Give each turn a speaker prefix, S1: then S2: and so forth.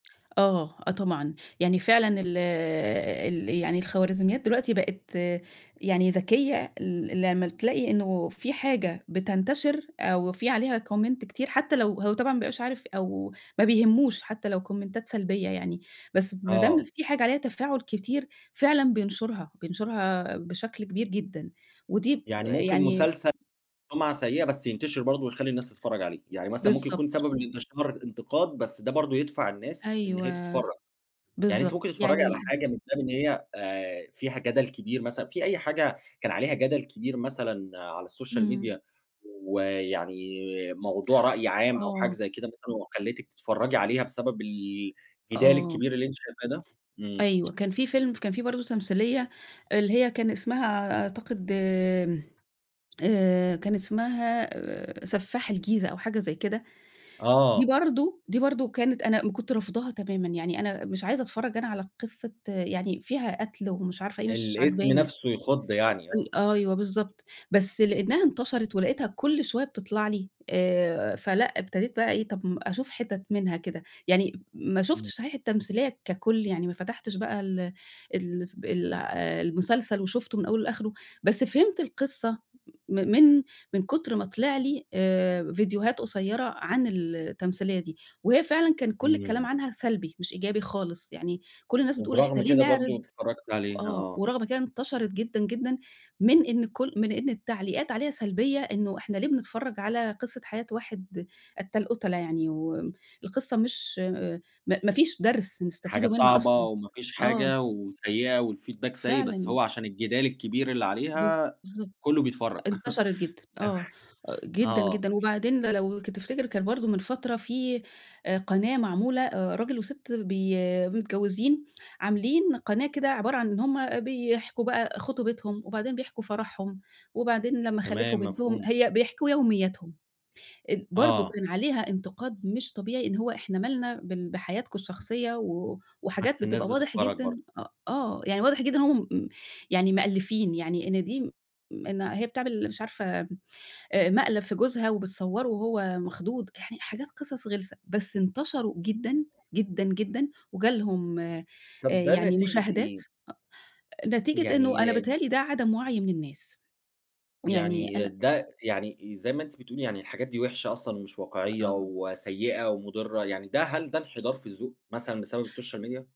S1: آه، آه، طبعًا يعني فعلًا ال ال يعني الخوارزميات دلوقتي بقِت يعني ذكية ال لمّا تلاقي إنه في حاجة بتنتشِر أو في عليها comment كتير حتى لو هو طبعًا ما بيبقاش عارف أو ما بيهمّوش حتى لو كومنتات سلبية يعني، بس ما دام
S2: آه.
S1: في حاجة عليها تفاعُل كتير فعلًا بينشُرها، بينشُرها بشكل كبير جدًا ودي
S2: يعني ممكن
S1: يعني
S2: مسلسل سمعة سيّئة بس ينتشِر برضه ويخلّي الناس تتفرّج عليه، يعني مثلًا ممكن يكون
S1: بالضبط.
S2: سبب لإنتشار الإنتقاد بس ده برضه يدفَع الناس إن هي
S1: أيوه.
S2: تتفرّج، يعني أنتِ ممكن
S1: بالضبط،
S2: تتفرّجي على
S1: يعني
S2: حاجة من خِلال إن هي آآ، فيها جدَل كبير مثلًا في أي حاجة كان عليها جدل كبير مثلًا على الSocial
S1: إمم.
S2: Media ويعني موضوع رأي عام أو حاجة
S1: آه.
S2: زي كده مثلًا وخلّيتِك تتفرّجي عليها بسبب ال جدال
S1: آه.
S2: الكبير اللي أنتِ شايفاه ده، إمم.
S1: أيوه كان في فيلم، كان في برضه تمثيلية اللي هي كان اسمها أ أعتقد آمم، آآ كان اسمها آآ، سفاح الجيزة أو حاجة زي كده، دي
S2: آه.
S1: برضه دي برضه كانت أنا م كنت رافضاها تمامًا، يعني أنا مش عايزة أتفرّج أنا على قِصّة يعني فيها قتْل ومش عارفة إيه، مش
S2: الاسم
S1: عاجباني.
S2: نفْسه يخُض يعني، آه.
S1: أ أيوه بالضبط، بس لأنها انتشرِت ولقيتها كلّ شوية بتطلَع لي آآ، فلأ ابتديت بقى إيه، طَب أشوف حِتَت منها كده، يعني ما
S2: إمم.
S1: شوفتش صحيح التمثيلية ككُل يعني ما فتحتِش بقى ال ال ال المسلسل وشُفته من أوله لآخرُه بس فهِمت القصة من من من كُتر ما طلِع لي آآ، فيديوهات قصيّرة عن ال التمثيلية دي. وهي فعلًا كان كلّ الكلام
S2: إمم.
S1: عنها سلبي مش إيجابي خالص، يعني كلّ الناس بتقول إحنا
S2: وبرغم
S1: ليه
S2: كده برضه
S1: نعرِض
S2: اتفرّجتِ عليها،
S1: آه،
S2: آه.
S1: ورغم كانت انتشرِت جدًا، جدًا من إن كلّ من إن التعليقات عليها سلبيّة إنه إحنا ليه بنتفرّج على قِصّة حياة واحد قتّال قُتلا يعني و القِصّة مش ما ما فيش درْس
S2: حاجة
S1: نستَفيده منها
S2: صعبة
S1: أصلًا،
S2: وما فيش
S1: آه.
S2: حاجة وسيّئة والfeedback سيء بس
S1: فعلًا.
S2: هو عشان الجِدال الكبير اللي
S1: ب
S2: عليها
S1: بالضبط،
S2: كلّه بيتفرّج
S1: انتشرِت جدًا،
S2: تمام،
S1: آه جدًا،
S2: آه.
S1: جدًا، وبعدين لو تفتِكر كانت برضه من فترة في آآ قناة معمولة آآ، راجل وسِت بي متجوّزين عاملين قناة كده عبارة عن إن هُم بيحكوا بقى خطوبتهم وبعدين بيحكوا فرحهم وبعدين لما خلّفوا
S2: تمام
S1: بنتهم،
S2: مفهوم.
S1: هي بيحكوا يومياتهم ال برضه
S2: آه.
S1: كان عليها إنتقاد مش طبيعي إن هو إحنا مالنا بال بحياتكم الشخصية و وحاجات
S2: بس الناس
S1: بتبقى واضح
S2: بتتفرّج
S1: جدًا،
S2: برضه.
S1: أ آه يعني واضح جدًا إن هُم مم يعني مألّفين يعني إن دي، إن هي بتعمل مش عارفة آآ، مقلَب في جوزها وبتصوّره وهو مخضوض، يعني حاجات قِصَص غِلسة بس انتشروا جدًا، جدًا، جدًا، وجَه لهم آآ
S2: طَب ده
S1: يعني
S2: نتيجية
S1: مشاهدات
S2: إيه؟
S1: أ نتيجة
S2: يعني
S1: إنه أنا
S2: د
S1: بيتهيّأ لي ده عدَم وعي من الناس يعني،
S2: يعني
S1: أنا
S2: ده، يعني زي ما أنتِ بتقولي يعني، الحاجات دي وِحشة أصلًا ومش واقعيّة
S1: آه.
S2: وسيّئة ومضِرّة، يعني ده هل ده إنحدار في الذّوق مثلًا بسبب الSocial Media؟